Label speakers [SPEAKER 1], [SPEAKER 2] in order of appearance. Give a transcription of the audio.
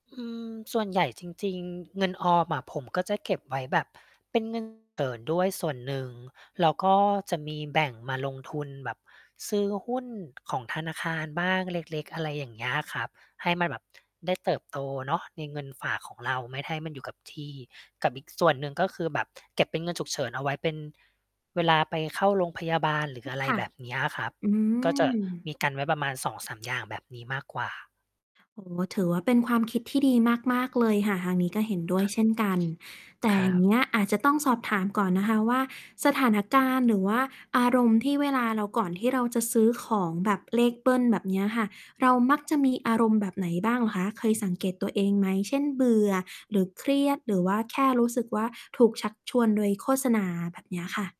[SPEAKER 1] อืม ส่วนใหญ่จริง ๆ เงินออมอะผมก็จะเก็บไว้แบบเป็น เงินวัน เกิดด้วยส่วนหนึ่ง แล้วก็จะมีแบ่งมาลงทุนแบบซื้อหุ้นของธนาคารบ้างเล็ก ๆ อะไรอย่างเงี้ยอะครับ ให้มันแบบ ได้เติบโต เนาะในเงินฝากของเราไม่ให้มันอยู่กับที่ กับอีกส่วนหนึ่ง ก็คือแบบเก็บเป็นเงินฉุกเฉินเอาไว้เป็น เวลาไปเข้าโรงพยาบาล หรื
[SPEAKER 2] อ
[SPEAKER 1] อ
[SPEAKER 2] ือ
[SPEAKER 1] อะไร
[SPEAKER 2] ค่ะ
[SPEAKER 1] แบบเนี้ยครับ
[SPEAKER 2] อื
[SPEAKER 1] ก็จะ
[SPEAKER 2] ม
[SPEAKER 1] มีกันไว้ประมาณ 2-3 อย่าง แบบนี้มากกว่า
[SPEAKER 2] โอ้โฮ ถือว่าเป็นความคิดที่ดีมาก ๆ เลยค่ะ ทางนี้ก็เห็นด้วย เช่นกัน แต่
[SPEAKER 1] คร
[SPEAKER 2] อย
[SPEAKER 1] ั
[SPEAKER 2] ่าง
[SPEAKER 1] บ
[SPEAKER 2] เงี้ยอาจจะต้องสอบถามก่อนนะคะ ว่าสถานการณ์ หรือว่าอารมณ์ที่เวลาเรา ก่อนที่เราจะซื้อของแบบเลขเบิลแบบเนี้ยค่ะ เรามักจะมีอารมณ์แบบไหนบ้างเหรอคะ? เคยสังเกตตัวเองไหม? เช่น เบื่อ หรือเครียด หรือว่า แค่รู้สึกว่า ถูกชักชวนโดยโฆษณาแบบเนี้ยค่ะ